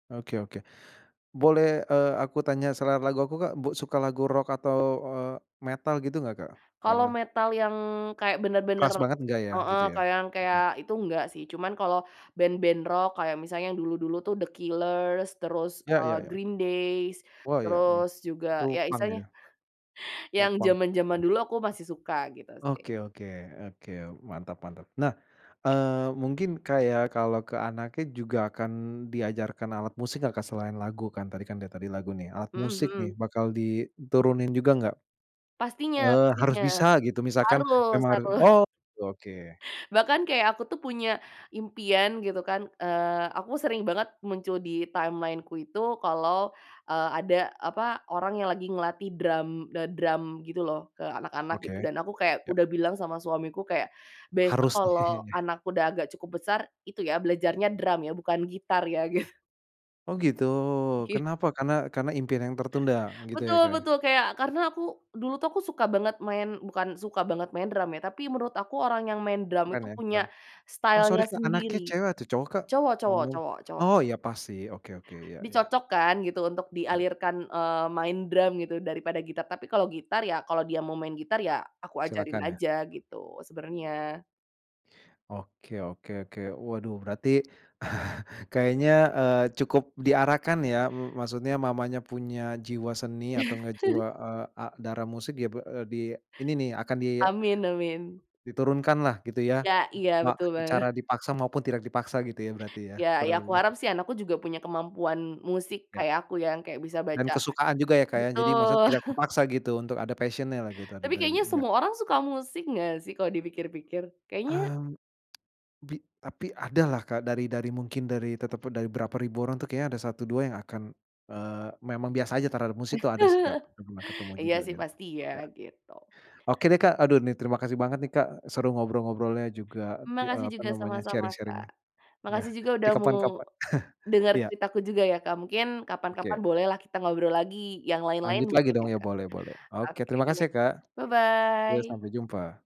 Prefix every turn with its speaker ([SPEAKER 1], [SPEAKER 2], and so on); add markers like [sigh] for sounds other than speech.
[SPEAKER 1] Oke oke, boleh, eee, aku tanya selera lagu aku, Kak, bu suka lagu rock atau, eee, metal gitu nggak, Kak?
[SPEAKER 2] Kalau
[SPEAKER 1] Karena
[SPEAKER 2] metal yang kayak bener-bener,
[SPEAKER 1] keras banget nggak ya,
[SPEAKER 2] heeh,
[SPEAKER 1] gitu ya?
[SPEAKER 2] kayak yang
[SPEAKER 1] Mhm.
[SPEAKER 2] kayak itu nggak sih. Cuman kalau band-band rock, kayak misalnya yang dulu-dulu tuh The Killers, terus,
[SPEAKER 1] Ya
[SPEAKER 2] eee,
[SPEAKER 1] ya ya.
[SPEAKER 2] Green Days,
[SPEAKER 1] Wah ya, mmm,
[SPEAKER 2] terus juga
[SPEAKER 1] Itu
[SPEAKER 2] ya
[SPEAKER 1] punk
[SPEAKER 2] istilahnya
[SPEAKER 1] itu. Pop
[SPEAKER 2] yang
[SPEAKER 1] punk.
[SPEAKER 2] zaman-zaman dulu aku masih suka, gitu sih.
[SPEAKER 1] Oke oke oke, mantap mantap. Nah, eee, mungkin kayak kalo ke anaknya juga akan diajarkan alat musik gak, Kak, selain lagu kan, tadi kan udah tadi lagu nih, alat
[SPEAKER 2] Mhm
[SPEAKER 1] musik nih,
[SPEAKER 2] mhm.
[SPEAKER 1] bakal diturunin juga nggak?
[SPEAKER 2] Pastinya
[SPEAKER 1] Eee, harus
[SPEAKER 2] pastinya.
[SPEAKER 1] bisa gitu misalkan
[SPEAKER 2] Harus
[SPEAKER 1] emang harus
[SPEAKER 2] harus. [laughs]
[SPEAKER 1] oh, oke oke.
[SPEAKER 2] Bahkan kayak aku tuh punya impian gitu kan, eee, aku sering banget muncul di timeline-ku itu kalau, eee, ada apa, orang yang lagi ngelatih drum, d drum gitu loh ke anak-anak
[SPEAKER 1] Oke,
[SPEAKER 2] gitu, dan aku kayak
[SPEAKER 1] ya.
[SPEAKER 2] udah bilang sama suamiku kayak, besok
[SPEAKER 1] Harus, nih.
[SPEAKER 2] kalau
[SPEAKER 1] [laughs]
[SPEAKER 2] anakku udah agak cukup besar, itu ya belajarnya drum ya, bukan gitar ya, gitu.
[SPEAKER 1] Oh gitu,
[SPEAKER 2] [unintelligible]
[SPEAKER 1] kenapa? Karena karena impian yang tertunda gitu ya,
[SPEAKER 2] Betul
[SPEAKER 1] Kak?
[SPEAKER 2] betul. Kayak, karena aku dulu tuh aku suka banget main bukan suka banget main drum ya, tapi menurut aku orang yang main drum
[SPEAKER 1] Keren
[SPEAKER 2] itu
[SPEAKER 1] ya
[SPEAKER 2] punya
[SPEAKER 1] keren. Oh sorry,
[SPEAKER 2] style-nya
[SPEAKER 1] Kak,
[SPEAKER 2] sendiri.
[SPEAKER 1] anaknya cewek atau cowok, Kak?
[SPEAKER 2] Cowok cowok
[SPEAKER 1] Ngomong-ngomong,
[SPEAKER 2] cowok cowok.
[SPEAKER 1] oh, ya pasti, oke oke, ya ya.
[SPEAKER 2] Dicocokkan gitu untuk dialirkan, eee, main drum gitu daripada gitar. Tapi kalau gitar, ya kalau dia mau main gitar, ya aku ajarin
[SPEAKER 1] Silahkan ya.
[SPEAKER 2] aja gitu sebenernya.
[SPEAKER 1] Oke oke oke. Waduh berarti [laughs] kayaknya, eee, cukup diarahkan ya, mmm, maksudnya mamanya punya jiwa seni atau enggak jiwa, eee, a darah musik ya b eee, di ini ni, akan di
[SPEAKER 2] Amin amin.
[SPEAKER 1] diturunkan lah gitu ya.
[SPEAKER 2] Ya Iya,
[SPEAKER 1] Mak
[SPEAKER 2] betul
[SPEAKER 1] secara
[SPEAKER 2] banget.
[SPEAKER 1] dipaksa maupun tidak dipaksa gitu ya berarti ya,
[SPEAKER 2] Ya ya
[SPEAKER 1] kurang
[SPEAKER 2] aku
[SPEAKER 1] lebih.
[SPEAKER 2] harap sih anakku juga punya kemampuan musik
[SPEAKER 1] Ya,
[SPEAKER 2] kayak aku yang kayak bisa
[SPEAKER 1] dan
[SPEAKER 2] baca
[SPEAKER 1] kesukaan juga ya, Kak, ya jadi maksud
[SPEAKER 2] betul.
[SPEAKER 1] tidak
[SPEAKER 2] [laughs]
[SPEAKER 1] terpaksa gitu untuk ada passion-nya lah gitu. Ada
[SPEAKER 2] Tapi kayaknya
[SPEAKER 1] [unintelligible] yah.
[SPEAKER 2] semua orang suka musik nggak sih kalau dipikir-pikir kayaknya
[SPEAKER 1] Mmm, [tsk] bi tapi ada lah, Kak, dari dari mungkin dari teteput berapa ribu orang tuh kayaknya ada satu dua yang akan, eee, memang biasa aja terhadap musik tuh ada sih, Kak,
[SPEAKER 2] [laughs]
[SPEAKER 1] udah pernah ketemu
[SPEAKER 2] Iya
[SPEAKER 1] juga
[SPEAKER 2] sih,
[SPEAKER 1] gitu.
[SPEAKER 2] pasti ya,
[SPEAKER 1] Ya
[SPEAKER 2] gitu.
[SPEAKER 1] Oke deh, Kak, aduh nih terima kasih banget nih, Kak, seru ngobrol-ngobrolnya juga ti
[SPEAKER 2] Makasih
[SPEAKER 1] apa
[SPEAKER 2] juga,
[SPEAKER 1] namanya,
[SPEAKER 2] sama-sama, Kak.
[SPEAKER 1] sharing-sharing-nya. Yah,
[SPEAKER 2] Makasih juga
[SPEAKER 1] di
[SPEAKER 2] udah mau
[SPEAKER 1] kapan-kapan. [chuckles]
[SPEAKER 2] denger
[SPEAKER 1] Iya.
[SPEAKER 2] ceritaku juga ya, Kak. Mungkin kapan-kapan
[SPEAKER 1] Oke.
[SPEAKER 2] boleh lah kita ngobrol lagi yang lain-lain
[SPEAKER 1] Lanjut lagi
[SPEAKER 2] mungkin
[SPEAKER 1] dong
[SPEAKER 2] ya,
[SPEAKER 1] ya
[SPEAKER 2] Kak.
[SPEAKER 1] boleh boleh, oke
[SPEAKER 2] Oke,
[SPEAKER 1] terima kasih ya, Kak. Iya,
[SPEAKER 2] bye-bye.
[SPEAKER 1] sampai jumpa!